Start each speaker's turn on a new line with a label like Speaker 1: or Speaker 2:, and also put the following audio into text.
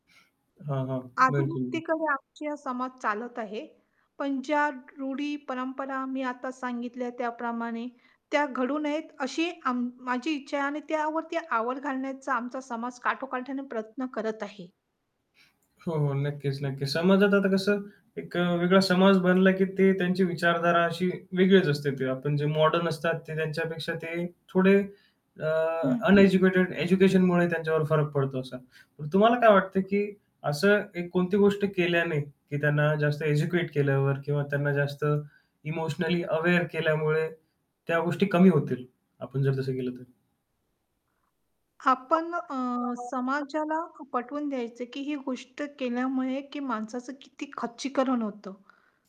Speaker 1: हां, हां.
Speaker 2: आधुनिकतेकडे
Speaker 1: [unintelligible]
Speaker 2: आजचा हा समाज चालत आहे, पण ज्या रूढी-परंपरा मी आता सांगितल्या त्याप्रमाणे त्या घडू नयेत अशी अं, माझी इच्छा आहे आणि त्यावरती आवर घालण्याचा आमचा समाज काठोकाठ्याने प्रयत्न करत आहे.
Speaker 1: हो, हो. नक्कीच, नक्कीच. समाजात आता कसं एक अ, वेगळा समाज बनला, की ते त्यांची विचारधारा अशी वेगळीच असते. ते आपण जे मॉडर्न असतात ते त्यांच्यापेक्षा ते थोडे अ,
Speaker 2: हं.
Speaker 1: अनएज्युकेटेड एज्युकेशनमुळे त्यांच्यावर फरक पडतो असा. पण तुम्हाला काय वाटतं, की असं एक कोणती गोष्ट केल्याने, की त्यांना जास्त एज्युकेट केल्यावर किंवा त्यांना जास्त इमोशनली अवेअर केल्यामुळे त्या गोष्टी कमी होतील? आपण जर तसं केलं तर.
Speaker 2: आपण अ,
Speaker 1: [unintelligible]
Speaker 2: समाजाला पटवून द्यायचं, की ही गोष्ट केल्यामुळे, की माणसाचं किती खच्चीकरण होतं.